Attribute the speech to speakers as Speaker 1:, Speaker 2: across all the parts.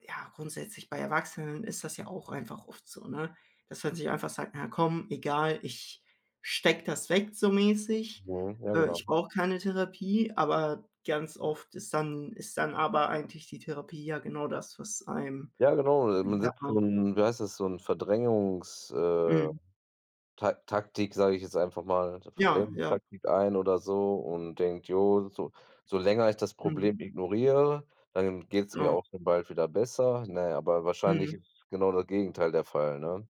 Speaker 1: Ja, grundsätzlich bei Erwachsenen ist das ja auch einfach oft so, ne, dass man sich einfach sagt: „Na komm, egal, ich stecke das weg so mäßig.
Speaker 2: Mhm, ja
Speaker 1: Äh,
Speaker 2: genau.
Speaker 1: ich brauche keine Therapie.“ Aber ganz oft ist dann ist dann aber eigentlich die Therapie ja genau das, was einem
Speaker 2: Ja genau,
Speaker 1: wie
Speaker 2: man
Speaker 1: sagt
Speaker 2: setzt so
Speaker 1: man
Speaker 2: 'n wie heißt das, so 'n Verdrängungs äh,
Speaker 1: Mhm.
Speaker 2: Ta Taktik, sage ich jetzt einfach mal, so
Speaker 1: Ja, ja.
Speaker 2: Verdrängungstaktik ein oder so und denkt: „Jo, so so länger ich das
Speaker 1: Mhm.
Speaker 2: Problem ignoriere, dann geht's mir
Speaker 1: Ja.
Speaker 2: auch dann bald wieder besser.“ Ne, aber wahrscheinlich ist
Speaker 1: Mhm.
Speaker 2: genau das Gegenteil der Fall, ne?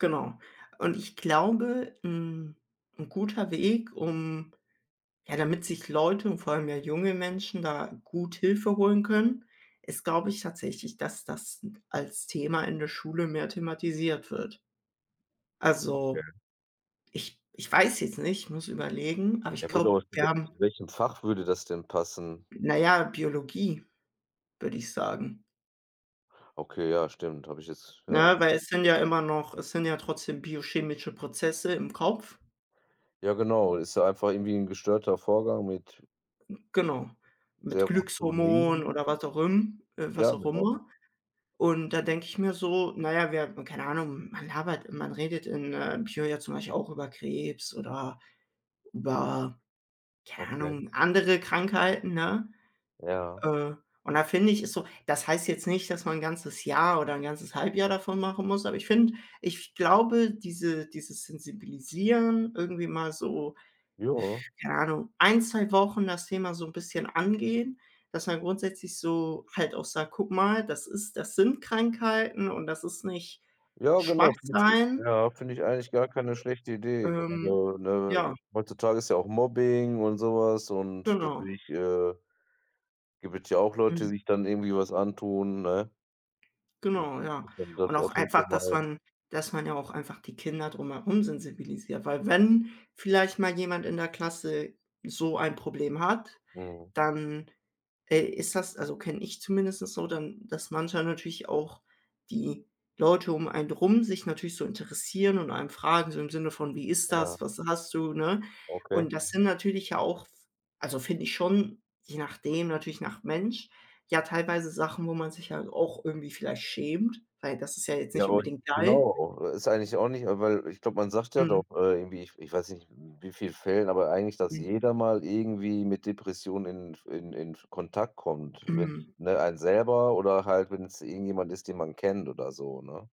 Speaker 1: Genau, und ich glaube, hm, 'n guter Weg, um ja, damit sich Leute und vor allem mehr junge Menschen da gut Hilfe holen können, ist, glaube ich, tatsächlich, dass das n als Thema in der Schule mehr thematisiert wird. Also,
Speaker 2: Okay.
Speaker 1: ich ich weiß jetzt nicht, ich muss überlegen, aber ich
Speaker 2: Ja,
Speaker 1: glaube,
Speaker 2: [unintelligible] Zu
Speaker 1: wir
Speaker 2: wel
Speaker 1: haben
Speaker 2: zu welchem Fach würde das denn passen?
Speaker 1: Na ja, Biologie, würde ich sagen.
Speaker 2: Okay, ja stimmt. Habe ich jetzt ja.
Speaker 1: Ne, weil es sind ja immer noch es sind ja trotzdem biochemische Prozesse im Kopf.
Speaker 2: Ja genau, ist ja einfach irgendwie 'n gestörter Vorgang mit
Speaker 1: Hm, genau, mit Glückshormonen
Speaker 2: Serotonin.
Speaker 1: oder was auch imm äh,
Speaker 2: Ja,
Speaker 1: was auch
Speaker 2: genau.
Speaker 1: immer. Und da denke ich mir so: Na ja, wir haben keine Ahnung, man labert man redet in, äh, Bio ja zum Beispiel auch über Krebs oder über, keine
Speaker 2: Okay.
Speaker 1: Ahnung, andere Krankheiten, ne?
Speaker 2: Ja.
Speaker 1: Äh, und da finde ich, ist so das heißt jetzt nicht, dass man 1 ganzes Jahr oder 1 ganzes Halbjahr davon machen muss, aber ich finde ich glaube, diese dieses Sensibilisieren irgendwie mal so
Speaker 2: Ja.
Speaker 1: keine Ahnung, 1, 2 Wochen das Thema so 'n bisschen angehen, dass man grundsätzlich so halt auch sagt: „Guck mal, das ist das sind Krankheiten und das ist nicht
Speaker 2: Ja genau, finde ich äh,
Speaker 1: Schwach-sein.“
Speaker 2: ja, finde ich eigentlich gar keine schlechte Idee.
Speaker 1: Ähm
Speaker 2: Grade,
Speaker 1: ja.
Speaker 2: ne, heutzutage ist ja auch Mobbing und so was und
Speaker 1: Genau.
Speaker 2: natürlich, äh gibt es ja auch Leute, die
Speaker 1: Mhm.
Speaker 2: sich dann irgendwie was antun, ne?
Speaker 1: Genau,
Speaker 2: [unintelligible]
Speaker 1: ja,
Speaker 2: dass man das
Speaker 1: und auch
Speaker 2: auf jeden
Speaker 1: einfach,
Speaker 2: Fall
Speaker 1: dass
Speaker 2: mal
Speaker 1: man dass man ja auch einfach die Kinder drumherum sensibilisiert. Weil wenn vielleicht mal jemand in der Klasse so ein Problem hat,
Speaker 2: Mhm.
Speaker 1: dann, äh, ist das also, kenne ich zumindestens so, dann dass manchmal natürlich auch die Leute um einen drum sich natürlich so interessieren und einen fragen, so im Sinne von: „Wie ist
Speaker 2: Ja.
Speaker 1: das? Was hast du?“, ne,
Speaker 2: Okay.
Speaker 1: und das sind natürlich ja auch f also, finde ich schon je nachdem natürlich nach Mensch, ja teilweise Sachen, wo man sich halt auch irgendwie vielleicht schämt, weil das ist ja jetzt
Speaker 2: Ja
Speaker 1: nicht
Speaker 2: und
Speaker 1: unbedingt geil.
Speaker 2: genau, oh, äh ist eigentlich auch nicht weil ich glaube, man sagt ja
Speaker 1: Mhm.
Speaker 2: doch, äh, irgendwie ich ich weiß nicht in wie viel Fällen, aber eigentlich, dass
Speaker 1: Mhm.
Speaker 2: jeder mal irgendwie mit Depressionen in f in in f Kontakt kommt, wenn's
Speaker 1: Mhm.
Speaker 2: ne, einen selber oder halt wenn's irgendjemand ist, den man kennt oder so, ne?